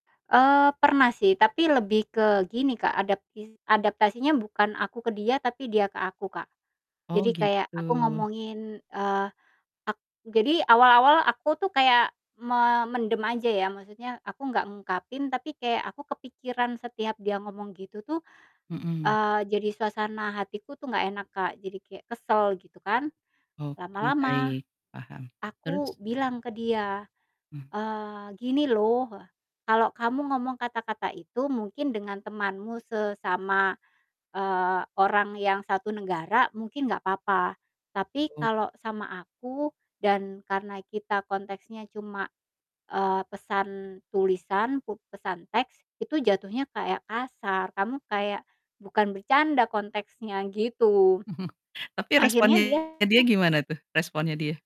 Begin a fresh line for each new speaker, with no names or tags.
Eee, pernah sih, tapi lebih ke gini, Kak, adaptis adaptasinya bukan aku ke dia, tapi dia ke aku, Kak.
Oh,
Jadi kayak aku
gitu.
ngomongin, eee, ak jadi awal-awal aku tuh kayak memendam aja ya, maksudnya aku enggak ngungkapin, tapi kayak aku kepikiran setiap dia ngomong gitu tuh,
Mhm.
eee, jadi suasana hatiku tuh enggak enak, Kak, jadi kayak kesel gitu kan.
Oke
Lama-lama
baik. Paham.
aku
Terus?
bilang ke dia,
Hmm.
eee, "Gini loh" Heeh, "kalau kamu ngomong kata-kata itu mungkin dengan temanmu sesama," eee, "orang yang satu negara mungkin enggak apa-apa, tapi
Mhm.
kalau sama aku dan karena kita konteksnya cuma" eee, "pesan tulisan, pu pesan teks, itu jatuhnya kayak kasar. Kamu kayak bukan bercanda konteksnya." Gitu,
Tapi
akhirnya
responnya dia
dia
gimana tuh? Responnya dia.